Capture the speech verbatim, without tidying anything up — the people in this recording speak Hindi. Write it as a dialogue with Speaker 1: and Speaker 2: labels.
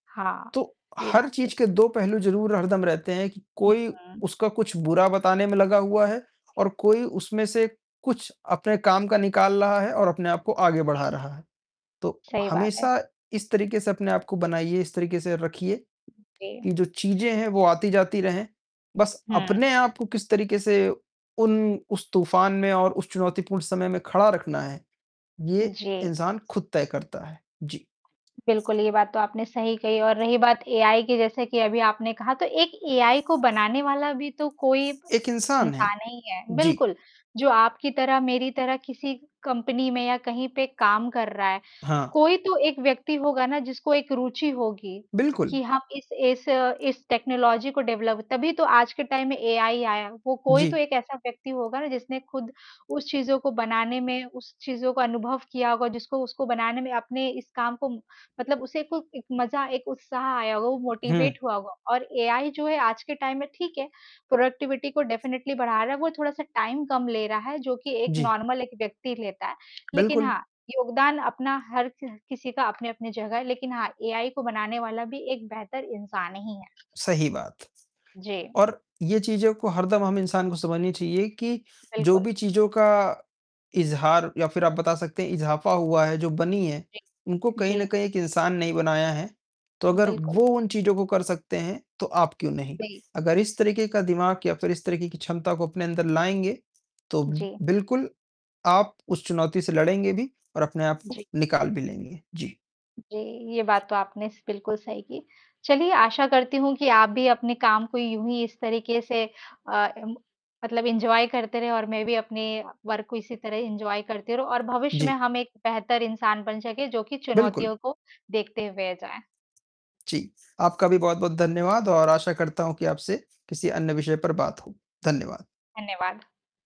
Speaker 1: हाँ,
Speaker 2: तो,
Speaker 1: ये
Speaker 2: हर
Speaker 1: बात तो
Speaker 2: चीज़ के
Speaker 1: सह
Speaker 2: दो पहलू ज़रूर हरदम रहते हैं कि
Speaker 1: हुँ,
Speaker 2: कोई
Speaker 1: हुँ।
Speaker 2: उसका कुछ बुरा बताने में लगा हुआ है और कोई उसमें से कुछ अपने काम का निकाल रहा है और अपने आप को आगे
Speaker 1: सही
Speaker 2: बढ़ा
Speaker 1: बात
Speaker 2: रहा है। तो,
Speaker 1: सही बात है।
Speaker 2: हमेशा इस तरीके से अपने आप को बनाइए, इस तरीके से रखिए,
Speaker 1: ओके।
Speaker 2: कि जो चीज़े हैं वो आती जाती रहें, बस
Speaker 1: हुँ।
Speaker 2: अपने आप को किस तरीके से उन उस तूफान में और उस चुनौतीपूर्ण समय में खड़ा रखना है, ये
Speaker 1: जी।
Speaker 2: इंसान खुद तय करता है। जी।
Speaker 1: बिल्कुल, ये बात तो आपने सही कही और रही बात एआई की, जैसे कि अभी आपने कहा तो एक एआई को बनाने वाला भी तो कोई ब
Speaker 2: एक इंसान है,
Speaker 1: इंसान हीं है।
Speaker 2: जी।
Speaker 1: बिल्कुल, जो आपकी तरह मेरी तरह किसी कंपनी में या कहीं पे काम कर रहा है,
Speaker 2: हाँ।
Speaker 1: कोई तो एक व्यक्ति होगा ना जिसको एक रुचि होगी,
Speaker 2: बिल्कुल।
Speaker 1: कि हम इस इस इस टेक्नोलॉज़ी को डेवलप तभी तो आज के टाइम में एआई आया, वो कोई तो
Speaker 2: जी।
Speaker 1: एक ऐसा व्यक्ति होगा ना, जिसने खुद उस चीज़ों को बनाने में, उस चीज़ों का अनुभव किया होगा जिसको उसको बनाने में अपने इस काम को मतलब उसे को एक मज़ा, एक उत्साह आया होगा, वो
Speaker 2: हुँ।
Speaker 1: मोटिवेट हुआ होगा और एआई जो है आज के टाइम में ठीक है, प्रोडक्टिविटी को डेफिनिटली बढ़ा रहा है, वो थोड़ा-सा टाइम कम ले रहा है, जो कि एक
Speaker 2: जी।
Speaker 1: नॉर्मल एक व्यक्ति लेता है। लेकिन
Speaker 2: बिल्कुल।
Speaker 1: हाँ, योगदान अपना हर च किसी का अपनी-अपनी जगह है लेकिन हाँ, एआई को बनाने वाला भी एक बेहतर इंसान ही है।
Speaker 2: सही बात।
Speaker 1: जी।
Speaker 2: और ये चीज़ों को हरदम हम इंसान को समझनी चाहिए कि, जो
Speaker 1: बिल्कुल।
Speaker 2: भी चीज़ का इज़हार या फिर आप बता सकते हैं इज़ाफा हुआ है, जो बनी हैं,
Speaker 1: जी,
Speaker 2: उनको कहीं
Speaker 1: जी।
Speaker 2: न कहीं एक इंसान ने ही बनाया है। तो अगर
Speaker 1: बिल्कुल।
Speaker 2: वो उन चीज़ों को कर सकते हैं, तो आप क्यों नहीं?
Speaker 1: नहीं।
Speaker 2: अगर इस तरीके का
Speaker 1: जी।
Speaker 2: दिमाग या फिर इस तरीके की क्षमता को अपने अंदर लाएँगे, तो
Speaker 1: जी।
Speaker 2: बिल्कुल आप उस चुनौती से लड़ेंगे भी और अपने आप को
Speaker 1: जी।
Speaker 2: निकाल भी लेंगे। जी।
Speaker 1: जी, ये बात तो आपने स बिल्कुल सही की। चलिए आशा करती हूँ कि आप भी अपने काम को यूँ ही इस तरीके से अ, इम मतलब एन्जॉय करते रहे और मैं भी अपने वर्क को इसी तरह एन्जॉय करती रहूँ और भविष्य में
Speaker 2: जी।
Speaker 1: हम एक बेहतर इंसान बन सकें, जो की
Speaker 2: बिल्कुल।
Speaker 1: चुनौतियों को देखते हुए जाये।
Speaker 2: जी, आपका भी बहुत बहुत धन्यवाद और आशा करता हूँ कि आपसे किसी अन्य विषय पर बात हो। धन्यवाद।
Speaker 1: धन्यवाद।